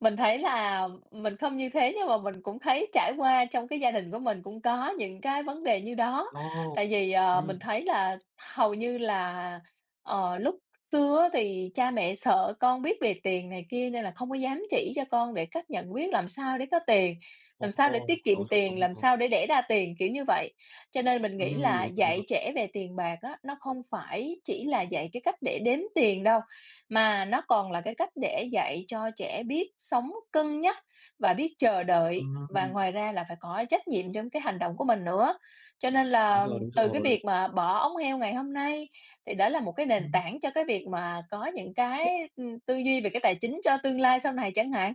Mình thấy là mình không như thế nhưng mà mình cũng thấy trải qua trong cái gia đình của mình cũng có những cái vấn đề như đó. Tại Ồ! vì, ờ, Ừm. mình thấy là hầu như là, ờ, lúc xưa á thì cha mẹ sợ con biết về tiền này kia nên là không có dám chỉ cho con để cách nhận biết làm sao để có tiền, làm sao để Ồ, tiết kiệm đối là tiền, đúng làm rồi. sao để đẻ ra tiền? Kiểu như vậy, cho nên mình nghĩ Ừm, là đúng rồi, đúng dạy rồi. trẻ về tiền bạc á, nó không phải chỉ là dạy cái cách để đếm tiền đâu mà nó còn là cái cách để dạy cho trẻ biết sống cân nhắc và biết chờ đợi. Và Ừm. ngoài ra là phải có trách nhiệm trong cái hành động của mình nữa, cho nên Đúng là rồi, đúng từ cái rồi. việc mà bỏ ống heo ngày hôm nay thì đó là một cái nền Ừm. tảng cho cái việc mà có những [unintelligible] cái, ừ, tư duy về cái tài chính cho tương lai sau này chẳng hạn.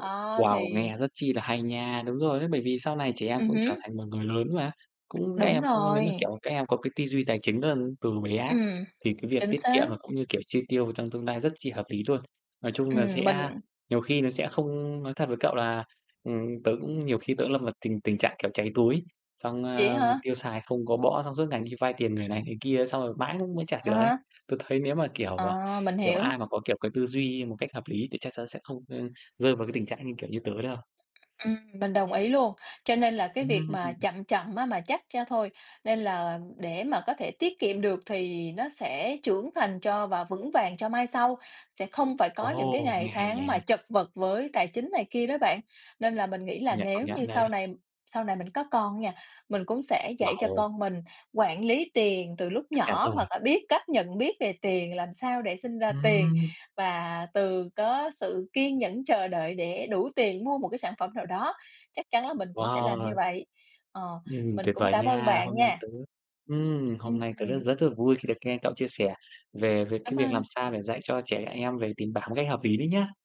Đó Wow, thì nghe rất chi là hay nha, đúng rồi đấy, bởi vì sau này trẻ em Ừm cũng trở hứm. thành một người lớn mà. Cũng các Đúng em cũng nếu mà, rồi. kiểu, các em có cái tư duy tài chính rất là từ bé ấy Ừm, thì cái việc chính tiết kiệm xác. và cũng như, kiểu, chi tiêu trong tương lai rất chi hợp lý luôn. Nói chung là Ừm, sẽ mình nhiều khi nó sẽ không nói thật với cậu là, ừm, tớ cũng nhiều khi tớ cũng lâm vào tình tình trạng, kiểu, cháy túi, xong, Vậy á ờ, hả? tiêu xài không có bõ xong suốt ngày đi vay tiền người này, người kia xong rồi mãi cũng mới trả À được ấy. há. Tôi thấy nếu mà, kiểu, à, Ờ, mình kiểu, hiểu. ai mà có, kiểu, cái tư duy một cách hợp lý thì chắc sẽ không, ơ, rơi vào cái tình trạng như kiểu như tớ đâu. Ừm, mình đồng ý luôn, cho nên là cái việc mà Ừm. chậm chậm á mà chắc ra thôi, nên là để mà có thể tiết kiệm được thì nó sẽ trưởng thành cho và vững vàng cho mai sau, sẽ không phải có những cái Ồ, ngày nghe hay tháng nhỉ. mà chật vật với tài chính này kia đó bạn. Nên là mình nghĩ Công là nhận, công nếu như nhận sau đấy. này sau này mình có con á nha, mình cũng sẽ dạy cho Wow. con mình quản lý tiền từ lúc Chắc chắn nhỏ rồi. hoặc là biết cách nhận biết về tiền, làm sao để sinh ra tiền Ừm. và từ có sự kiên nhẫn chờ đợi để đủ tiền mua một cái sản phẩm nào đó, chắc chắn là mình cũng sẽ làm như Wow. vậy. Ờ, Ừm, mình tuyệt cũng vời cảm ơn nha, bạn hôm nay nha. tớ ừm, hôm nay tớ rất Ừm. rất là vui khi được nghe cậu chia sẻ về về Cảm cái việc làm ơn. sao để dạy cho trẻ em về tiền bạc một cách hợp ý đấy nhé.